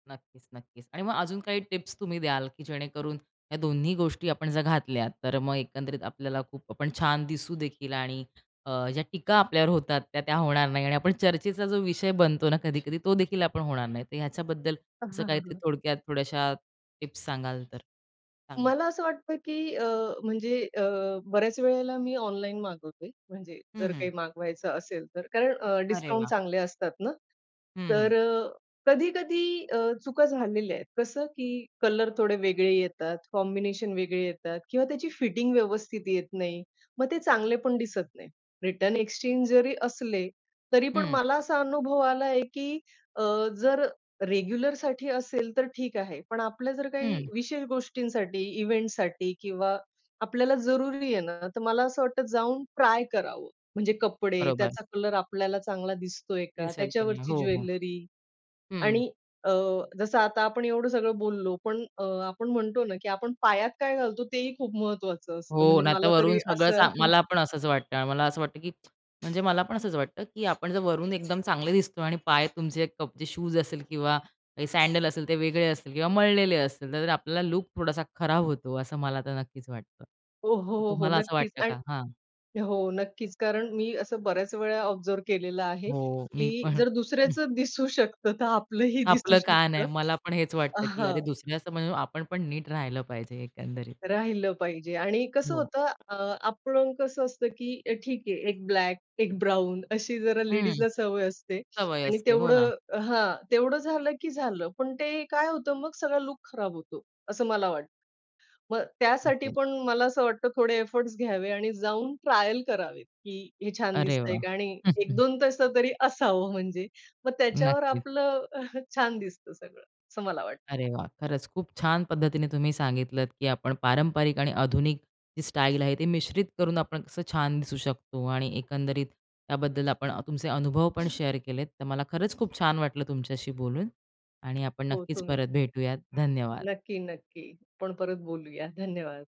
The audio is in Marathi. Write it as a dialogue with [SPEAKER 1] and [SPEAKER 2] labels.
[SPEAKER 1] नक्कीच, नक्कीच. आणि मग अजून काही टिप्स तुम्ही द्याल की जेणेकरून ह्या दोन्ही गोष्टी आपण जर घातल्या, तर मग एकंदरीत आपल्याला खूप आपण छान दिसू देखील? आणि अ, ज्या टीका आपल्यावर होतात त्या त्या होणार नाही. आणि आपण चर्चेचा जो विषय बनतो ना कधी-कधी, तो देखील आपण होणार नाही. तर ह्याच्याबद्दल
[SPEAKER 2] अ
[SPEAKER 1] असं
[SPEAKER 2] हां, हां. हां,
[SPEAKER 1] काहीतरी
[SPEAKER 2] हां.
[SPEAKER 1] थोडक्यात थोड्याश्या टिप्स सांगाल तर? सांगा.
[SPEAKER 2] मला असं वाटतं की अ, म्हणजे अ, बऱ्याच वेळेला मी ऑनलाईन मागवते म्हणजे
[SPEAKER 1] हं,
[SPEAKER 2] जर
[SPEAKER 1] हं.
[SPEAKER 2] काही मागवायचं असेल तर. कारण अ,
[SPEAKER 1] अरे
[SPEAKER 2] डिस्काउंट
[SPEAKER 1] वाह!
[SPEAKER 2] चांगले असतात ना.
[SPEAKER 1] हं, हं.
[SPEAKER 2] तर अ, कधी-कधी अ, चुका झालेल्या आहेत. कसं की कलर थोडे वेगळे येतात, कॉम्बिनेशन वेगळे येतात किंवा त्याची फिटिंग व्यवस्थित येत नाही. मग ते चांगले पण दिसत नाही. रिटर्न, एक्सचेंज जरी असले तरी पण
[SPEAKER 1] हं.
[SPEAKER 2] मला असा अनुभव आला की अ, जर रेग्युलरसाठी असेल तर ठीक आहे. पण आपल्या जर काही
[SPEAKER 1] हं.
[SPEAKER 2] विशेष गोष्टींसाठी, इव्हेंटसाठी किंवा आपल्याला जरुरी आहे ना, तर मला असं वाटत जाऊन ट्राय करावं. म्हणजे कपडे,
[SPEAKER 1] बरोबर.
[SPEAKER 2] त्याचा कलर आपल्याला चांगला दिसतोय का?
[SPEAKER 1] दिसेल की नाही.
[SPEAKER 2] त्याच्यावरची
[SPEAKER 1] हो, हो.
[SPEAKER 2] ज्वेलरी
[SPEAKER 1] हं.
[SPEAKER 2] आणि अ, जसं आता आपण एवढं सगळं बोललो पण अ, आपण म्हणतो ना की आपण पायात काय घालतो तेही खूप महत्वाचं असतं.
[SPEAKER 1] हो.
[SPEAKER 2] म्हणजे
[SPEAKER 1] नाहीतर
[SPEAKER 2] मला
[SPEAKER 1] वरून
[SPEAKER 2] तरी
[SPEAKER 1] सगळं
[SPEAKER 2] असं
[SPEAKER 1] मला पण असंच वाटतं. मला असं वाटतं की म्हणजे मला पण असंच वाटतं की आपण जर वरून एकदम चांगले दिसतो आणि पाय तुमचे कपचे शूज असेल किंवा सॅडल असेल ते वेगळे असतील किंवा मळलेले असतील, तर आपल्याला लूक थोडासा खराब होतो. असं मला आता नक्कीच वाटतं.
[SPEAKER 2] हो, हो,
[SPEAKER 1] तर
[SPEAKER 2] हो, हो.
[SPEAKER 1] तुम्हाला असं
[SPEAKER 2] नक्कीच
[SPEAKER 1] वाटतं का?
[SPEAKER 2] आणि
[SPEAKER 1] हां.
[SPEAKER 2] हो, नक्कीच. कारण मी असं बऱ्याच वेळा ऑब्झर्व्ह केलेलं आहे,
[SPEAKER 1] हो. मी
[SPEAKER 2] की
[SPEAKER 1] पण.
[SPEAKER 2] जर दुसऱ्याचं दिसू शकतं, तर आपलंही दिसू
[SPEAKER 1] आपलं काय नाही.
[SPEAKER 2] शकतं.
[SPEAKER 1] मला पण हेच वाटतं की अरे
[SPEAKER 2] हां.
[SPEAKER 1] दुसऱ्यासमोर आपण पण नीट राहिलं पाहिजे एकंदरीत.
[SPEAKER 2] राहिलं पाहिजे आणि कसं
[SPEAKER 1] हो.
[SPEAKER 2] होतं अ, आपण कसं असतं, की अ, ठीक आहे एक ब्लॅक एक ब्राउन अशी जरा
[SPEAKER 1] हं.
[SPEAKER 2] लेडीजला सवय असते
[SPEAKER 1] सवय
[SPEAKER 2] आणि
[SPEAKER 1] असते. हो ना.
[SPEAKER 2] तेवढं हां. तेवढं झालं की झालं. पण ते काय होतं मग सगळा लूक खराब होतो असं मला वाटतं. मग त्यासाठी
[SPEAKER 1] ओके.
[SPEAKER 2] पण मला असं वाटतं थोडे एफर्ट्स घ्यावे आणि जाऊन ट्रायल करावेत. की हे छान
[SPEAKER 1] अरे
[SPEAKER 2] दिसतंय
[SPEAKER 1] वाह!
[SPEAKER 2] का? आणि एक दोन तसं तरी असावं म्हणजे. मग त्याच्यावर
[SPEAKER 1] नक्कीच.
[SPEAKER 2] आपलं छान दिसतं सगळं, असं मला वाटतं.
[SPEAKER 1] अरे वाह! खरंच खूप छान पद्धतीने तुम्ही सांगितलत, की आपण पारंपरिक आणि आधुनिक जी स्टाईल आहे ती मिश्रित करून आपण कसं छान दिसू शकतो आणि एकंदरी, त त्याबद्दल आपण तुमचे अनुभव पण शेअर केलेत. तर मला खरंच खूप छान वाटलं तुमच्याशी बोलून. आणि आपण
[SPEAKER 2] हो.
[SPEAKER 1] नक्कीच
[SPEAKER 2] तुम्ही.
[SPEAKER 1] परत भेटूयात धन्यवाद.
[SPEAKER 2] नक्की, नक्की. आपण परत बोलूया. धन्यवाद.